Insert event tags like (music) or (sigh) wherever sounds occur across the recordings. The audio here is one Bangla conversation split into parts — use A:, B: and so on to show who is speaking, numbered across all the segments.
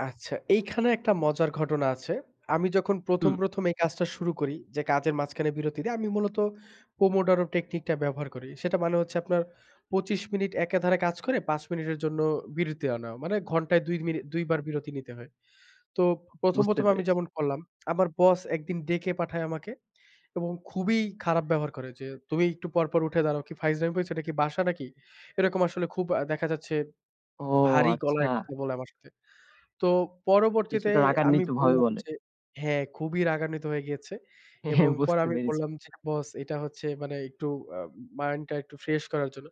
A: আচ্ছা, এইখানে একটা মজার ঘটনা আছে। আমি যখন ১ম,
B: হুম।
A: ১ম এই কাজটা শুরু করি, যে কাজের মাঝখানে বিরতি দিয়ে আমি মূলত পোমোডরো টেকনিকটা ব্যবহার করি। সেটা মানে হচ্ছে আপনার, ২৫ মিনিট একে ধারে কাজ করে ৫ মিনিটের জন্য বিরতি আনা। মানে, ঘন্টায় ২ মিনি ২ বার বিরতি নিতে হয়। তো ১ম,
B: বুঝতে
A: ১ম এ, আমি
B: পেরেছি।
A: যেমন করলাম, আমার বস একদিন ডেকে পাঠায় আমাকে এবং খুবই খারাপ ব্যবহার করে যে, "তুমি একটু পর, পর, উঠে দাঁড়াও, কি ফাইজলামি পাইছো টা কি, এটা কি বাসা নাকি?" এরকম আসলে খুব দেখা যাচ্ছে,
B: ও!
A: ভারী
B: আচ্ছা।
A: গলায় কথা বলে আমার সাথে। তো, পরবর্তীতে
B: কিছুটা
A: আমি
B: রাগান্বিতভাবে
A: বললাম
B: বলে।
A: যে হ্যাঁ খুবই রাগান্বিত হয়ে গিয়েছে। এবং পরে
B: বুঝতে
A: আমি
B: পেরেছি।
A: বললাম যে, "বস, এটা হচ্ছে মানে, একটু আ মাইন্ড টা একটু ফ্রেশ করার জন্য।"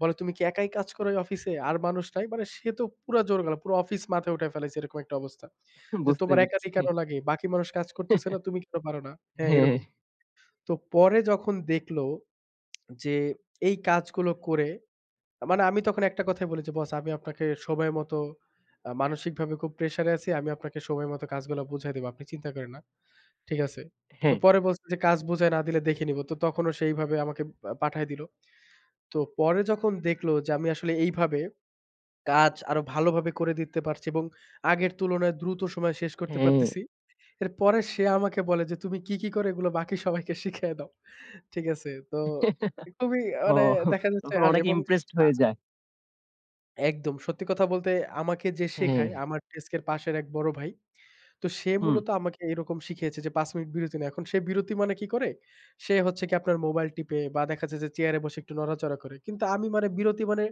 A: বলে, "তুমি কি একাই কাজ করো, এই অফিসে? আর মানুষ নাই?" মানে সে তো, পুরা জোর গলা। পুরো অফিস মাথায় উঠায় ফেলেছে, এরকম একটা অবস্থা। যে
B: বুঝতে
A: "তোমার একা
B: পেরেছি।
A: কেন লাগে, বাকি মানুষ কাজ করতেছে না? তুমি কেন পারো না? হ্যাঁ,
B: হ্যাঁ।
A: এরকম।" তো, পরে যখন দেখলো যে, এই কাজগুলো করে, মানে, আমি তখন একটা কথাই বলেছি, "বস, আমি আপনাকে সময় মত, মানসিকভাবে খুব প্রেশার এ আছি। আমি আপনাকে সময় মত কাজগুলা বুঝায় দিবো। আপনি চিন্তা করেন না। ঠিক আছে?" তো
B: হ্যাঁ।
A: পরে বলছে যে, "কাজ বুঝায় না দিলে দেখে নিবো।" তো তখনও সেভাবে আমাকে পাঠায় দিল। তো, পরে যখন দেখলো যে আমি আসলে এইভাবে, কাজ আরো ভালোভাবে করে দিতে পারছি এবং আগের তুলনায়, দ্রুত সময়ে শেষ করতে
B: হ্যাঁ।
A: পারতেছি। এরপরে সে আমাকে বলে যে, "তুমি কি, কি করো, এগুলো বাকি সবাইকে শিখায় দাও।" ঠিক আছে। তো খুবই মানে,
B: ওহ!
A: দেখা যাচ্ছে
B: তখন অনেকেই
A: এবং
B: ইমপ্রেসড
A: আ
B: হয়ে যায়।
A: একদম, সত্যি কথা বলতে আমাকে যে শেখায়,
B: হ্যাঁ।
A: আমার ডেস্কের পাশের এক বড় ভাই। তো, সে
B: হুম।
A: মূলত আমাকে এরকম শিখিয়েছে যে, ৫ মিনিট বিরতি নেয়া। এখন সে বিরতি মানে, কী করে? সে হচ্ছে কি আপনার, মোবাইল টিপে, বা দেখাচ্ছে যে, চেয়ারে বসে একটু নড়াচড়া করে। কিন্তু আমি মানে, বিরতি মানে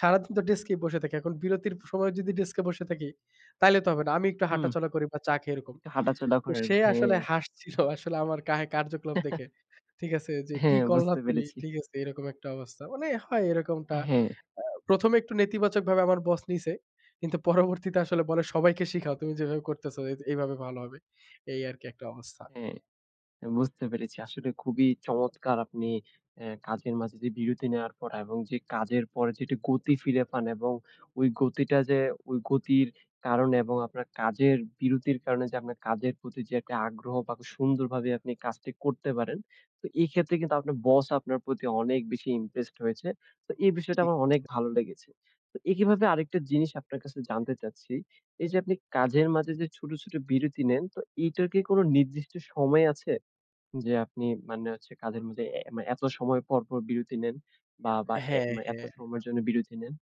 A: সারাদিন তো ডেস্কেই বসে থাকি। এখন বিরতির সময় যদি ডেস্কে বসে থাকি, তাইলে তো হবে না। আমি একটু
B: হুম।
A: হাঁটাচলা করি বা চা খেয়ে, এরকম।
B: একটু হাঁটাচলা
A: তো
B: করেন,
A: সে
B: হ্যাঁ।
A: আসলে হাসছিল আসলে, আমারে কা কার্যকলাপ দেখে। ঠিক আছে যে, কি
B: হ্যাঁ,
A: করলা
B: বুঝতে
A: তুমি,
B: পেরেছি।
A: ঠিক আছে এরকম একটা অবস্থা। মানে হয় এরকমটা,
B: হ্যাঁ।
A: আ প্রথমে একটু নেতিবাচকভাবে আমার বস নিছে। কিন্তু পরবর্তীতে আসলে বলে, সবাইকে শিখাও। তুমি যেভাবে করতেছ, এভাবে ভালো হবে। এই আরকি একটা অবস্থা।
B: হ্যাঁ, বুঝতে পেরেছি। আসলে খুবই চমৎকার! আপনি আ কাজের মাঝে যে বিরতি নেওয়ার পর এবং যে কাজের পরে যে গতি ফিরে পান এবং ওই গতিটা যে, ওই গতির কারণে এবং আপনার কাজের বিরতির কারণে যে আপনার কাজের প্রতি যে একটা আগ্রহ বা সুন্দরভাবে আপনি কাজটি করতে পারেন। তো, এই ক্ষেত্রে কিন্তু, আপনার বস আপনার প্রতি, অনেক বেশি ইমপ্রেসড হয়েছে। তো, এই বিষয়টা
A: ঠিক।
B: আমার অনেক
A: (unintelligible)
B: ভালো লেগেছে। তো একই ভাবে আরেকটা জিনিস আপনার কাছে জানতে চাচ্ছি। এই যে আপনি, কাজের মাঝে যে ছোট, ছোট বিরতি নেন, তো এটার কি কোনো নির্দিষ্ট সময় আছে, যে আপনি মানে হচ্ছে কাজের মাঝে এ এত সময় পর, পর, বিরতি নেন বা, বা
A: হ্যাঁ,
B: এত
A: হ্যাঁ।
B: সময়ের জন্য বিরতি নেন?